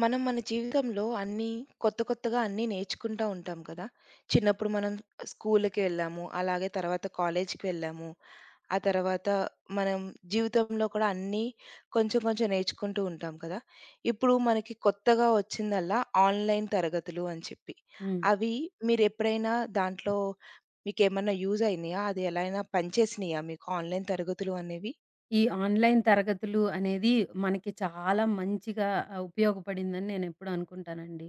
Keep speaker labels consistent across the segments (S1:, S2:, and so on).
S1: మనం మన జీవితంలో అన్నీ కొత్త, కొత్తగా అన్నీ నేర్చుకుంటా ఉంటాం కదా! చిన్నప్పుడు మనం స్కూల్‌కెళ్ళాము. అలాగే తర్వాత కాలేజ్‌కెళ్ళాము. ఆ తర్వాత మనం జీవితంలో కూడా అన్నీ కొంచెం, కొంచెం నేర్చుకుంటూ ఉంటాం కదా! ఇప్పుడు మనకి కొత్తగా ఒచ్చిందల్లా, ఆన్‌లైన్ తరగతులు అని చెప్పి.
S2: హ్మ్.
S1: అవి మీరెప్పుడైనా దాంట్లో మీకేమన్నా యూజైనియా? అదెలా అయినా పనిచేసినాయా మీకు, ఆన్‌లైన్ తరగతులు అనేవి?
S2: ఈ ఆన్‌లైన్ తరగతులు అనేది, మనకి చాలా మంచిగా ఉపయోగపడిందని నేనెప్పుడూ అనుకుంటానండి.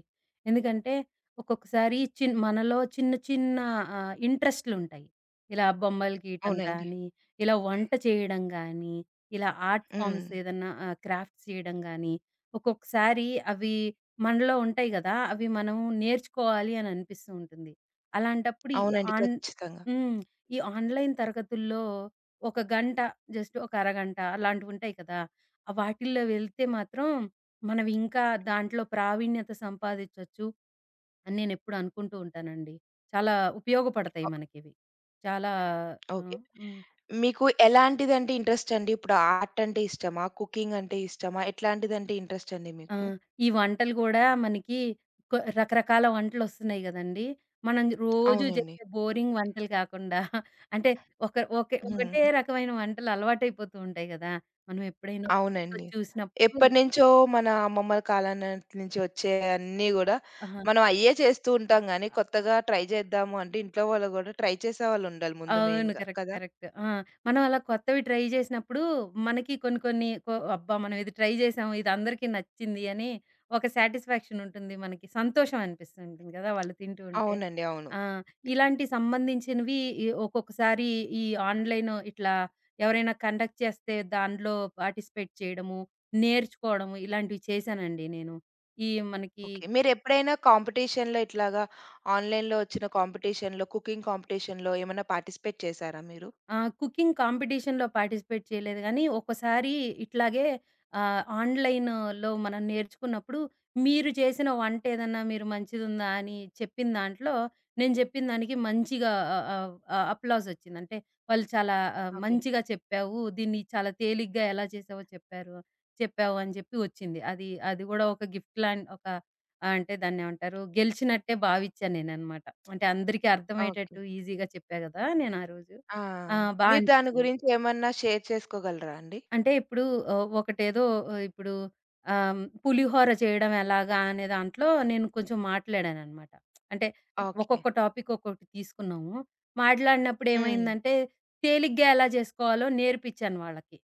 S2: ఎందుకంటే, ఒక్కొక్కసారి చిన్ మనలో చిన్న, చిన్న ఆహ్, ఇంట్రెస్ట్‌లుంటాయి. ఇలా బొమ్మలు గీటం
S1: అవునండి.
S2: కానీ, ఇలా వంట చేయడం గానీ, ఇలా ఆర్ట్ ఫార్మ్స్
S1: హ్మ్.
S2: ఏదన్నా ఆహ్, క్రాఫ్‌ట్స్ చేయడం గానీ. ఒక్కొక్కసారి అవి మనలో ఉంటాయి గదా! అవి మనం నేర్చుకోవాలి అని అనిపిస్తుంటుంది. అలాంటప్పుడు ఈ
S1: అవునండి.
S2: ఆన్
S1: ఖచ్చితంగా.
S2: హ్మ్. ఈ ఆన్‌లైన్ తరగతుల్లో, ఒక గంట జస్ట్ ఒక అరగంట అలాంటివుంటాయి కదా! ఆహ్, వాటిల్లో వెళ్తే మాత్రం, మనం ఇంకా దాంట్లో ప్రావీణ్యత సంపాదించొచ్చు. అని నేనెప్పుడు అనుకుంటూ ఉంటానండి. చాలా ఉపయోగపడతాయి
S1: ఒ
S2: మనకివి. చాలా
S1: ఓకే.
S2: ఆహ్ హ్మ్.
S1: మీకు ఎలాంటిదంటే ఇంట్రెస్టండి? ఇప్పుడు ఆర్టంటే ఇష్టమా? కుకింగంటే ఇష్టమా? ఎట్లాంటిదంటే ఇంట్రెస్టండి
S2: ఆ!
S1: మీకు?
S2: ఈ వంటలు గూడా మనకి కొ రకరకాల వంటలొస్తున్నాయి గదండి. మనం రోజూ
S1: అవునండి.
S2: జేసే బోరింగ్ వంటలు గాకుండా, అంటే ఒక ఒకే ఒకటే
S1: హుహు.
S2: రకమైన వంటలు అలవాటైపోతూంటాయి గదా! మనం ఎప్పుడైనా కొత్తవి
S1: అవునండి.
S2: చూసినప్పుడు
S1: ఎప్పటినుంచో మన అమ్మమ్మల కాలం నాటి నుంచి వచ్చే అన్ని గూడా,
S2: ఆహ!
S1: మనం అయ్యే చేస్తూంటాం గానీ,
S2: అ
S1: కొత్తగా ట్రై జేద్దాము అంటే, ఇంట్లో వాళ్ళు గూడా ట్రై చేసేవాళ్ళుండాలి. ముందు
S2: అవును.
S1: మెయిన్‌గా
S2: కరెక్ట్.
S1: కదా?
S2: కరెక్ట్. ఆ! మనం అలా కొత్తవి ట్రై జేసినప్పుడు. మనకి కొన్ని, కొన్ని కొ అబ్బా! మనమిది ట్రై జేసాము. ఇది అందరికీ నచ్చింది అని, ఒక సాటిస్‌ఫాక్షనుంటుంది మనకి. సంతోషం అనిపిస్తూ ఉంటుంది గదా వాళ్ళు తింటూ ఉంటే.
S1: అవునండి. అవును.
S2: ఆ! ఇలాంటి సంబంధించినివి ఇ ఒక్కొక్కసారి ఈ ఆన్‌లైన్ ఇట్లా, ఎవరైనా కండక్ట్ చేస్తే, దాంన్లో పార్టిసిపేట్ చేయడము, నేర్చుకోడము. ఇలాంటివి చేసానండి. నేను ఈ మనకి
S1: ఓకే. మీరెప్పుడైనా కాంపిటీషన్‌లో ఇట్లాగా, ఆన్‌లైన్‌లో ఒచ్చిన కాంపిటీషన్‌లో, కుకింగ్ కాంపిటీషన్‌లో ఏమైనా పార్టిసిపేట్ చేసారా మీరు?
S2: ఆ! కుకింగ్ కాంపిటీషన్‌లో పార్టిసిపేట్ చేయలేదు గానీ, ఒకసారి ఇట్లాగే ఆహ్, ఆన్‌లై‌న్‌లో మనం నేర్చుకున్నప్పుడు. మీరు జేసిన వంటేదన్నా మీరు మంచిదుందా అని చెప్పిన దాంట్లో, నేను జెప్పిన దానికి మంచిగా ఆహ్, ఆహ్, అప్‌లాజొచ్చింది. అంటే వాళ్ళు చాలా ఆహ్,
S1: ఓకే.
S2: మంచిగా చెప్పావు. దీన్ని చాలా తేలిగ్గా ఎలా చేసావో చెప్పారు చెప్పావని జెప్పి ఒచ్చింది. అది అది గూడా ఒక గిఫ్ట్‌లాన్ ఒక ఆహ్, అంటే దాన్నేమంటారు గెలిచినట్టే భావిచ్చా నేననమాట. అంటే అందరికీ
S1: ఓకే.
S2: అర్థమయ్యేటట్టు ఈజీగా చెప్పా గదా! నేనారోజు.
S1: ఆ!
S2: ఆ! బా
S1: మీరు దాని
S2: అనిపిచ్చింది.
S1: గురించి ఏమన్నా షేర్ చేసుకోగలరా అండి?
S2: అంటే ఇప్పుడు ఆహ్, ఒకటేదో ఆహ్, ఇప్పుడు ఆహ్, పులిహోర చేయడం ఎలాగా, అనే దాంట్లో నేను కొంచెం మాట్లాడాననమాట. అంటే
S1: ఓకే.
S2: ఒక్కొక్క టాపిక్ ఒక్కొకటి తీసుకున్నాము.
S1: హ్మ్.
S2: మాట్లాడినప్పుడేమైందంటే, తేలిగ్గా ఎలా జేసుకోవాలో నేర్పించాను వాళ్ళకి.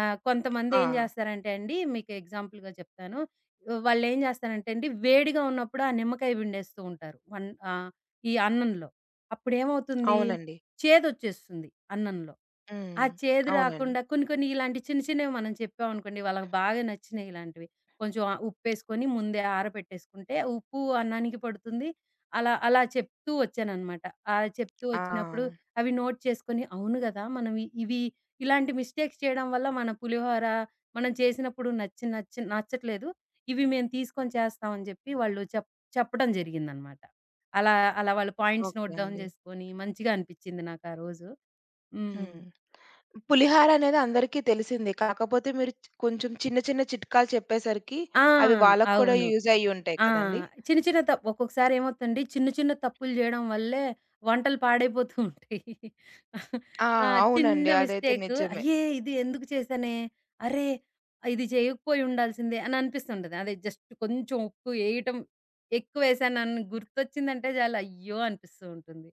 S2: ఆహ్, కొంతమంది
S1: ఆ!
S2: ఏం జేస్తారంటే అండి. మీకు ఎగ్జాంపుల్‌గా చెప్తాను. ఆహ్, వాళ్ళేం జేస్తారంటే అండి. వేడిగా ఉన్నప్పుడు ఆ నిమ్మకాయ విండేస్తూ ఉంటారు. వన్ ఆహ్, ఈ అన్నంలో. అప్పుడేమవుతుంది
S1: అవునండి.
S2: చేదొచ్చేస్తుంది. అన్నంలో.
S1: హ్మ్.
S2: ఆ చేదు
S1: అవునండి.
S2: రాకుండా కొన్ని, కొన్ని ఇలాంటి చిన్న, చిన్నవి మనం చెప్పావనుకోండి. వాళ్ళకి బాగా నచ్చినియిలాంటివి. కొంచెం ఆ ఉప్పేసుకొని ముందే ఆరపెట్టేసుకుంటే, ఉప్పు అన్నానికి పడుతుంది. అలా, అలా చెప్తూ ఒచ్చాననమాట. అలా చెప్తూ
S1: ఆ!
S2: ఒచ్చినప్పుడు, అవి నోట్ చేసుకొని అవును. గదా! మనం ఇ ఇవి ఇలాంటి మిస్టేక్స్ చేయడం వల్ల, మన పులిహోర మనం చేసినప్పుడు నచ్చి నచ్చి నచ్చట్లేదు. ఇవి మేము తీసుకొని చేస్తాం అని జెప్పి. వాళ్ళు చెప్ చెప్పడం జరిగిందనమాట. అలా, అలా వాళ్ళు పాయింట్స్
S1: ఓకే.
S2: నోట్ డౌన్
S1: అండి.
S2: జేసుకొని, మంచిగా అనిపిచింది నాకా రోజు. హ్మ్.
S1: హ్మ్. పులిహోరనేది అందరికి తెలిసిందే. కాకపోతే మీరు చ్ కొంచెం చిన్న, చిన్న చిట్కాలు చెప్పేసరికి,
S2: ఆ!
S1: అవి వాళ్ళకి కూడా
S2: అవును.
S1: యూజయ్యుంటాయి
S2: ఆ!
S1: కదండీ?
S2: చిన్న, చిన్న తప్ ఒక్కొక్కసారేమవుతంది. చిన్న, చిన్న తప్పులు జేయడం వల్లే వంటలు పాడైపోతూ ఉంటాయి.
S1: ఆ!
S2: ఆ! చిన్న
S1: అవునండి. అదైతే
S2: మిస్టేకు,
S1: నిజమే.
S2: అయ్యే! ఇది ఇందుకు చేశానే, అర్రె! ఇది చెయ్యకపోయుండాల్సిందే అననిపిస్తుంటది. అదే జస్ట్ కొంచెం ఉప్పేపేయటం ఎక్కువేశానన్న, గుర్తొచ్చిందంటే జాలు అయ్యో! అనిపిస్తూ ఉంటుంది.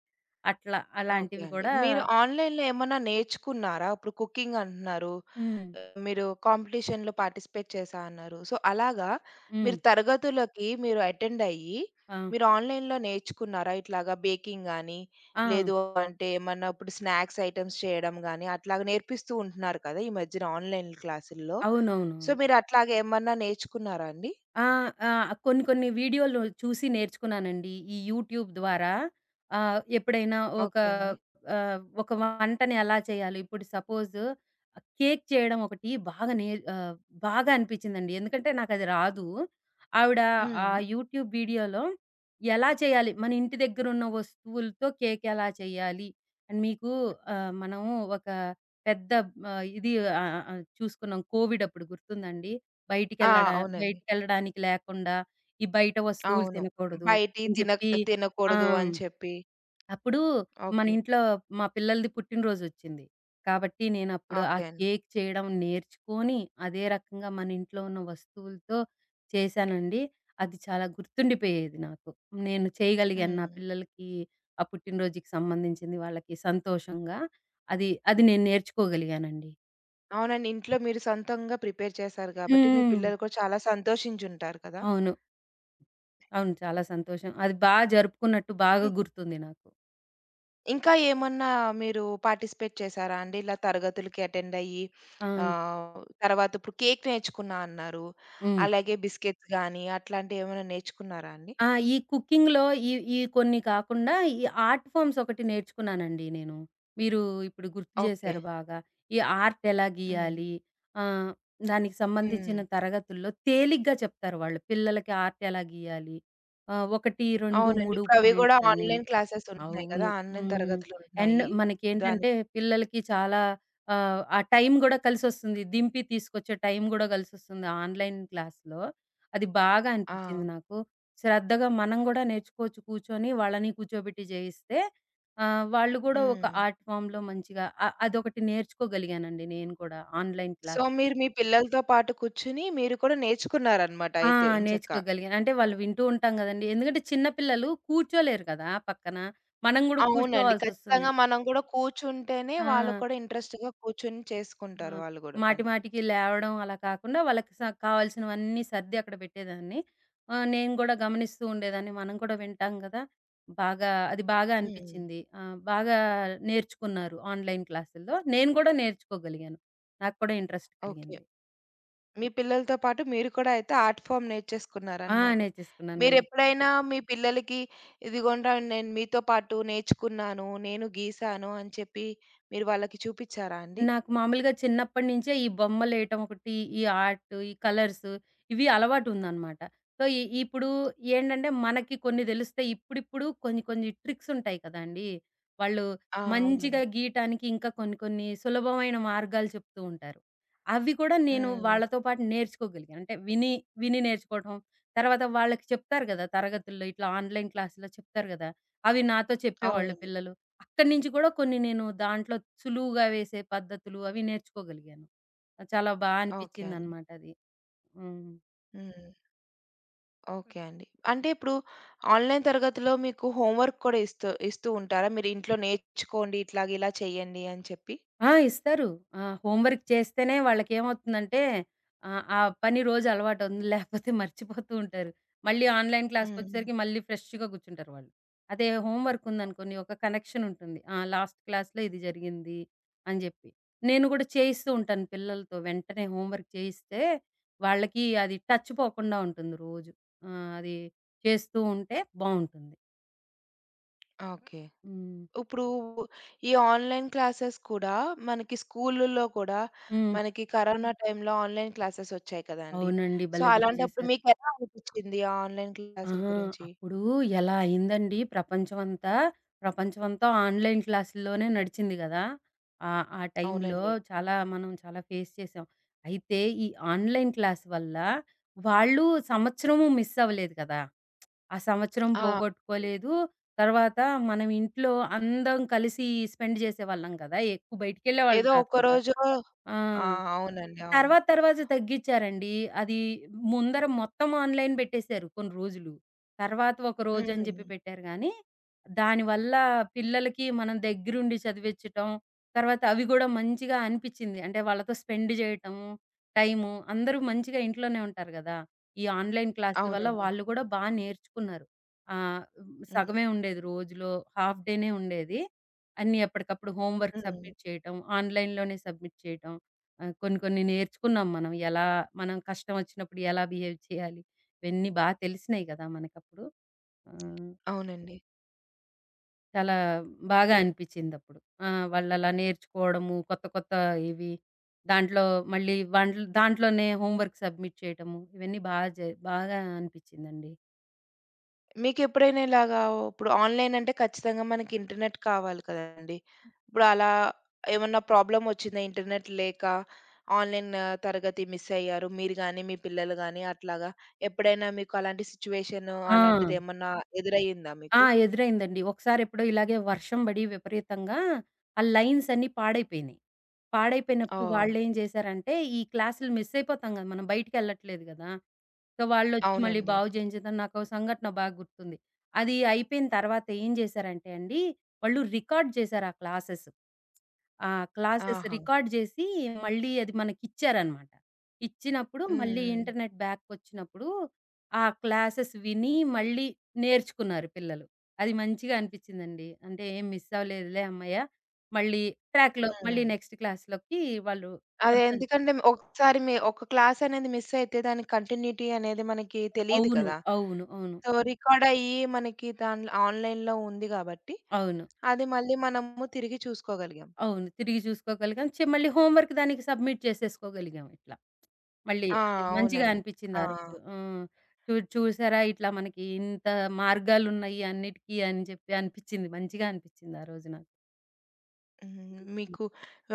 S2: అట్లా
S1: ఓకే
S2: అలాంటివి
S1: అండి.
S2: గూడా
S1: మీరు ఆన్‌లైన్‌లో ఏమన్నా నేర్చుకున్నారా? ఇప్పుడు కుకింగంటున్నారు.
S2: హ్మ్.
S1: మీరు కాంపిటీషన్‌లో పార్టిసిపేట్ చేసా అన్నారు. సో అలాగా,
S2: హ్మ్.
S1: మీరు తరగతులకి మీరు అటెండయ్యి,
S2: ఆ!
S1: మీరు ఆన్‌లైన్‌లో నేర్చుకున్నారా? ఇట్లాగ బేకింగ్ గానీ,
S2: ఆ!
S1: లేదు అంటే ఏమన్నా ఇప్పుడు స్నాక్స్ ఐటెమ్స్ చేయడం గానీ, అట్లాగా నేర్పిస్తూ ఉంటున్నారు కదా! ఈ మధ్యన ఆన్‌లైన్‌ క్లాసుల్లో. సో,
S2: అవునవునవును.
S1: మీరట్లాగేమన్నా నేర్చుకున్నారా అండి?
S2: ఆ! ఆహ్, కొన్ని, కొన్ని వీడియోలు చూసి నేర్చుకున్నానండి. ఈ యూట్యూబ్ ద్వారా ఆహ్, ఎప్పుడైనా ఒకా
S1: ఓకే అండి.
S2: ఆహ్, ఒక వంటని ఎలా చేయ్యాలి, ఇప్పుడు సపోజూ. కేక్ చేయడం ఒకటి బాగా నే ఆహ్, బాగా అనిపిచిందండి. ఎందుకంటే నాకది రాదు. ఆవిడ ఆ
S1: హ్మ్.
S2: యూట్యూబ్ వీడియోలో, ఎలా చేయాలి, మన ఇంటి దగ్గరున్న వస్తువులతో కేకెలా చెయ్యాలి, అని మీకు ఆహ్, మనము ఒక పెద్ద ఆహ్, ఇది ఆహ్, ఆహ్, ఆహ్, చూసుకున్నాం. కోవిడప్పుడు గుర్తుందాండి,
S1: ఆ!
S2: బయటికెళ్లడ
S1: అవునండి.
S2: బయటికెళ్ళడానికి లేకుండా, ఈ బయట వస్తువులు
S1: అవును.
S2: తినకూడదు.
S1: బయటియి
S2: అని
S1: తిన
S2: జెప్పి ఆ!
S1: తినకూడదు. అని చెప్పి
S2: అప్పుడూ మన
S1: ఓకే.
S2: ఇంట్లో మా పిల్లలది పుట్టినరోజొచ్చింది. కాబట్టి, నేనప్పుడు ఆ
S1: ఓకే అండి.
S2: కేక్ చేయడం నేర్చుకోని, అదే రకంగా మన ఇంట్లో ఉన్న వస్తువులతో చేసానండి. అది చాలా గుర్తుండిపోయేది. నాకు, నేను చేయగలిగాను. నా
S1: హ్మ్.
S2: పిల్లలకి ఆ పుట్టినరోజుకి సంబంధించింది వాళ్ళకి, సంతోషంగా అది అది నేను నేర్చుకోగలిగానండి.
S1: అవునండి. ఇంట్లో మీరు సొంతంగా ప్రిపేర్ చేసారు
S2: హ్మ్.
S1: గాబట్టి, మీ
S2: హ్మ్.
S1: పిల్లలు కూడా చాలా సంతోషించుంటారు కదా!
S2: అవును. అవును. చాలా సంతోషం. అది బా జరుపుకున్నట్టు, బాగా
S1: హ్మ్.
S2: గుర్తుంది నాకు.
S1: ఇంకా ఏమన్నా మీరు పార్టిసిపేట్ చేసారా అండి? ఇలా తరగతులకి అటెండ్ అయ్యి,
S2: ఆ!
S1: ఆహ్, తరువాతిప్పుడు కేక్ నేర్చుకున్నా అన్నారు.
S2: హ్మ్.
S1: అలాగే బిస్కిట్స్ గాని, అట్లాంటివేమన్నా నేర్చుకున్నారా అండి?
S2: ఆ! ఈ కుకింగ్‌లో ఈ ఈ కొన్ని కాకుండా, ఈ ఆర్ట్ ఫామ్స్ ఒకటి నేర్చుకున్నానండి నేను. మీరు ఇప్పుడు గుర్తు
S1: ఓకే.
S2: చేశారు బాగా. ఈ ఆర్ట్ ఎలా
S1: హ్మ్.
S2: గీయాలి, ఆహ్, దానికి సంబంధించిన
S1: హ్మ్.
S2: తరగతుల్లో తేలిగ్గా చెప్తారు వాళ్ళు. పిల్లలకి ఆర్ట్ ఎలా గీయాలి, ఆహ్, ఒకటి, రెండు,
S1: అవునండి.
S2: మూడు
S1: ఇప్పుడవి గూడా
S2: పాయింట్స్ అని.
S1: ఆన్‌లైన్ క్లాసెస్ ఉంటున్నాయి
S2: అవును.
S1: కదా! ఆన్‌లైన్
S2: హ్మ్. అండ్
S1: తరగతులుంటున్నాయి. దాని
S2: మనకేంటంటే, పిల్లలకి చాలా ఆహ్, ఆ టైము గూడా కలిసొస్తుంది. దింపి తీసుకొచ్చే టైం గూడా కలిసొస్తుంది ఆన్‌లైన్ క్లాస్‌లో. అది బాగా అనిపిచింది
S1: ఆ!
S2: నాకు. శ్రద్ధగా మనం గూడా నేర్చుకోవచ్చు కూర్చొని. వాళ్ళని కూర్చోబెట్టి జేయిస్తే ఆహ్, వాళ్ళు గూడా ఒక
S1: హ్మ్.
S2: ఆర్ట్ ఫార్మ్‌లో మంచిగా అ అదొకటి నేర్చుకోగలిగానండి, నేను కూడా ఆన్‌లైన్
S1: సో,
S2: క్లాస్
S1: మీరు మీ పిల్లలతో పాటు కూర్చొని, మీరు కూడా నేర్చుకున్నారన్నమాట
S2: ఆ!
S1: అయితే ఎంచక్కా!
S2: నేర్చుకోగలిగాను. అంటే వాళ్ళు వింటూ ఉంటాం కదండీ! ఎందుకంటే, చిన్న పిల్లలు కూర్చోలేరు కదా పక్కన. మనం కూడా
S1: అవునండి.
S2: కూర్చోవాల్సొస్తుంది.
S1: ఖచ్చితంగా మనం గూడా కూర్చుంటేనే, వాళ్ళు
S2: ఆ!
S1: కూడా ఇంట్రెస్ట్‌గా కూర్చొని,
S2: ఆ!
S1: చేసుకుంటారు వాళ్ళు గూడా
S2: మాటి,
S1: పని.
S2: మాటికి లేవడం అలా కాకుండా, వాళ్ళకి స కావాల్సినవన్నీ సర్ది అక్కడ పెట్టేదాన్ని. ఆహ్, నేను గూడా గమనిస్తూ ఉండేదాన్ని. మనం కూడా వింటాం కదా! బాగా అది బాగా
S1: హ్మ్.
S2: అనిపిచ్చింది. ఆహ్, బాగా నేర్చుకున్నారు ఆన్‌లైన్ క్లాసుల్లో. నేను కూడా నేర్చుకోగలిగాను నాకు కూడా ఇంట్రెస్ట్
S1: ఓకే.
S2: కలిగింది.
S1: మీ పిల్లలతో పాటు మీరు కూడా అయితే, ఆర్ట్ ఫార్మ్
S2: ఆ!
S1: నేర్చేసుకున్నారన్నమాట.
S2: నేర్చేసుకున్నానండి.
S1: మీరెప్పుడైనా మీ పిల్లలకి, ఇదిగోండ్రా! నేను మీతో పాటు నేర్చుకున్నాను. నేను గీసాను, అని చెప్పి మీరు వాళ్ళకి చూపిచ్చారా అండి?
S2: నాకు మామూలుగా చిన్నప్పటి నుంచే ఈ బొమ్మలేయటం ఒకటి, ఈ ఆర్టు, ఈ కలర్సు ఇవి అలవాటుందన్నమాట. సో, ఇ ఇప్పుడు ఏంటంటే మనకి కొన్ని తెలుస్తాయి. ఇప్పుడిప్పుడు కొన్ని, కొన్ని ట్రిక్సుంటాయి కదండీ! వాళ్ళు
S1: ఆ!
S2: మంచిగా
S1: అవునండి.
S2: గీయటానికి ఇంకా కొన్ని, కొన్ని సులభమైన మార్గాలు చెప్తూ ఉంటారు. అవి కూడా నేను
S1: హ్మ్. హ్మ్.
S2: వాళ్ళతో పాటు నేర్చుకోగలిగాను. అంటే విని విని నేర్చుకోవడం. తర్వాత వాళ్ళకి చెప్తారు గదా తరగతుల్లో ఇట్లా ఆన్‌లైన్ క్లాస్‌లో చెప్తారు గదా! అవి నాతో చెప్పేవాళ్ళు
S1: అవునండి.
S2: పిల్లలు. అక్కడి నుంచి కూడా కొన్ని నేను దాంట్లో సులువుగా వేసే పద్ధతులు అవి నేర్చుకోగలిగాను. చాలా బా
S1: ఓకే అండి.
S2: అనిపిచిందనమాటది. హ్మ్.
S1: హ్మ్. ఓకే అండి. అంటే ఇప్పుడు ఆన్‌లైన్ తరగతిలో, మీకు హోంవర్క్ కూడా ఇస్తు ఇస్తూ ఉంటారా? మీరీంట్లో నేర్చుకోండి ఇట్లాగ ఇలా చేయండి అని చెప్పి.
S2: ఆ! ఇస్తారు. ఆ! హోంవర్క్ చేస్తేనే వాళ్ళకేమవుతుందంటే ఆహ్, ఆ పని రోజు అలవాటవుతుంది. లేపోతే మర్చిపోతూ ఉంటారు. మళ్ళీ ఆన్‌లైన్
S1: హ్మ్.
S2: క్లాస్‌కొచ్చేసరికి మళ్ళీ ఫ్రెష్‌గా కూర్చుంటారు వాళ్ళు. అదే హోంవర్క్ ఉందనుకోండి, ఒక కనెక్షనుంటుంది. ఆ లాస్ట్ క్లాస్‌లో ఇది జరిగింది అని జేప్పి. నేను గూడా, చేయిస్తూ ఉంటాను పిల్లలతో వెంటనే హోంవర్క్ చేయిస్తే, వాళ్ళకి అది టచ్ పోకుండా ఉంటుంది రోజు. ఆహ్మ్, అది చేస్తూ ఉంటే బావుంటుంది.
S1: ఓకే.
S2: హ్మ్.
S1: ఉప్పుడు ఈ ఆన్‌లైన్ క్లాసెస్ కూడా, మనకి స్కూలుల్లో కూడా
S2: హ్మ్.
S1: మనకి కరోనా టైంలో, ఆన్‌లైన్ క్లాసెసొచ్చాయి కదా అండి.
S2: అవునండి.
S1: సో,
S2: భలే గుర్తు
S1: అలాంటప్పుడు
S2: జేశారు.
S1: మీకెలా అనిపిచ్చింది, ఆ ఆన్‌లైన్ క్లాస్‌లు
S2: ఆహా!
S1: గురించి?
S2: అప్పుడు ఎలా అయిందండి ప్రపంచమంతా. ప్రపంచమంతా ఆన్‌లైన్ క్లాసుల్లొనే నడిచింది గదా! ఆహ్, ఆ టైంలో
S1: అవునండి.
S2: చాలా మనం చాలా ఫేస్ చేసాం. అయితే, ఈ ఆన్‌లైన్ క్లాస్ వల్ల, వాళ్ళు సంవత్సరము మిస్ అవ్వలేదు గదా! ఆ సంవత్సరం
S1: ఆ! అవునండి.
S2: పోగొట్టుకోలేదు. తర్వాత మనమింట్లో అందం కలిసి ఈ స్పెండ్ చేసేవాళ్ళం గదా! ఎక్కువ బయటికెళ్ళేవాళ్ళు
S1: ఏదో
S2: కాదు కదా.
S1: ఒక్కరోజో
S2: ఆ!
S1: ఆ! అవునండి. అవును.
S2: తర్వాత, తర్వాత తగ్గిచ్చారండి. అది ముందర మొత్తం ఆన్‌లైన్ బెట్టేశారు కొన్ని రోజులు. తర్వాత ఒక రోజని జెప్పి
S1: హ్మ్.
S2: పెట్టారు గానీ, దానివల్ల పిల్లలకి మనం దెగ్గరుండి చదివిచ్చటం, తర్వాత అవి గూడా మంచిగా అనిపిచ్చింది. అంటే వాళ్ళతో స్పెండు జేయటము టైము. అందరూ మంచిగా ఇంట్లోనే ఉంటారు గదా. ఈ ఆన్‌లైన్ క్లాసుల వల్ల
S1: అవునండి.
S2: వాళ్ళు గూడా బా నేర్చుకున్నారు. ఆహ్,
S1: హ్మ్.
S2: సగమే ఉండేది. రోజులో హాఫ్ డేనే ఉండేది. అన్నీ ఎప్పటికప్పుడు హోమ్‌వర్క్స్
S1: హ్మ్.
S2: సబ్మిట్ చేయటం, ఆన్‌లైన్‌లోనే సబ్మిట్ చేయటం. ఆహ్, కొన్ని, కొన్ని నేర్చుకున్నాం మనం ఎలా మనం కష్టమోచ్చినప్పుడు ఎలా బిహేవ్ చేయాలి, ఇవన్నీ బాగా తెలిసినయి కదా మనకప్పుడు. ఆ!
S1: అవునండి.
S2: చాలా బాగా
S1: ఎ
S2: అనిపిచ్చిదప్పుడు. ఆ! వాళ్ళలా నేర్చుకోవడము, కొత్త, కొత్త ఇవి దాంట్లో మళ్ళీ వన్ దాంట్లోనే హోమ్‌వర్క్ సబ్మిట్ చేయటము, ఇవన్నీ బాగా జ బాగా అనిపించిందండి.
S1: మీకెప్పుడైనా ఇలాగా ఉప్పుడు ఆన్‌లైన్ అంటే, ఖచ్చితంగా మనకి ఇంటర్‌నెట్ కావాలి కదండీ!
S2: హ్మ్.
S1: ఇప్పుడు అలా ఏమన్నా ప్రాబ్లమొచ్చిందా? ఇంటర్‌నెట్ లేక, ఆన్‌లైన్ తరగతి మిస్ అయ్యారు. మీరు గాని, మీ పిల్లలు గాని అట్లాగా, ఎప్పుడైనా మీకు అలాంటి సిచ్యుయేషను,
S2: ఆ!
S1: అలాంటిదేమన్నా ఎదురయ్యిందా
S2: ఆ!
S1: మీకు?
S2: ఎదురైందండి. ఒకసారి ఎప్పుడో ఇలాగే వర్షం పడి విపరీతంగా ఆ లైన్సన్నీ పాడైపోయినాయి. పాడైపోయినప్పుడు
S1: ఓహ్!
S2: వాళ్ళేం జేసారంటే, ఈ క్లాసులు మిస్ అయిపోతాం గదా. మనం బయటికెళ్ళట్లేదు గదా! సో, వాళ్ళొచ్చి మళ్ళీ
S1: అవునండి.
S2: బాగు జేయించడం. నాకో సంఘటన బాగా గుర్తుంది. అది అయిపోయిన తర్వాత ఏం జేసారంటే అండి, వాళ్ళు రికార్డ్ జేసారు ఆ క్లాసెస్. ఆ! క్లాసెస్
S1: ఆహా!
S2: రికార్డ్ జేసి, మళ్ళీ అది మనకిచ్చారన్నమాట. ఇచ్చినప్పుడు
S1: హ్మ్.
S2: మళ్ళీ
S1: హ్మ్.
S2: ఇంటర్‌నెట్ బ్యాకొచ్చినప్పుడు. ఆ క్లాసెస్ విని, మళ్ళీ నేర్చుకున్నారు పిల్లలు. అది మంచిగా అనిపించిందండి. అంటే ఏం మిస్ అవ్వలేదులే, అమ్మయ్య! మళ్ళీ ట్రాక్‌లో
S1: హ్మ్.
S2: మళ్ళీ
S1: హ్మ్.
S2: నెక్స్ట్ క్లాస్‌లోకి వాళ్ళు
S1: అదే
S2: అర్థం
S1: ఎందుకంటే, ఒకసారి మి ఒక క్లాసనేది మిస్సైతే దానికి కంటిన్యూటి అనేది మనకి తెలీదు
S2: అవును.
S1: కదా!
S2: అవును. అవును.
S1: సో, రికార్డయ్యి మనకి దాంట్ల ఆన్‌లైన్‌లో ఉంది గాబట్టి,
S2: అవును.
S1: అది మళ్ళీ మనము తిరిగి చూసుకోగలిగాం.
S2: అవును. తిరిగి జూసుకోగలిగాం, చి మళ్ళీ హోమ్‌వర్క్ దానికి సబ్మిట్ చేసేసుకోగలిగాం ఇట్లా. మళ్ళీ
S1: ఆ!
S2: అది మంచిగా
S1: అవునండి.
S2: అనిపించింది
S1: ఆ!
S2: ఆ రోజు. ఆ! చు చూడు చూసారా, ఇట్లా మనకి ఇంత మార్గాలున్నాయి అన్నిటికి అని జెప్పి అనిపించింది. మంచిగా అనిపించింది ఆరోజు నాకు.
S1: హ్మ్.
S2: హుహు.
S1: మీకు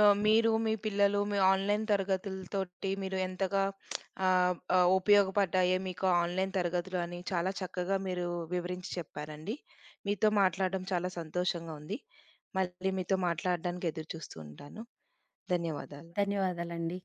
S1: ఆహ్, మీరు, మీ పిల్లలు మీ ఆన్‌లైన్‌ తరగతుల తోటి మీరు ఎంతగా ఆహ్, ఆహ్, ఉపయోగపడ్డాయే మీకు ఆన్‌లైన్ తరగతులు అని, చాలా చక్కగా మీరు వివరించి చెప్పారండి. మీతో మాట్లాడడం చాలా సంతోషంగా ఉంది. మళ్ళీ మీతో మాట్లాడడానికి ఎదురుచూస్తూ ఉంటాను. ధన్యవాదాలు.
S2: ధన్యవాదాలండి.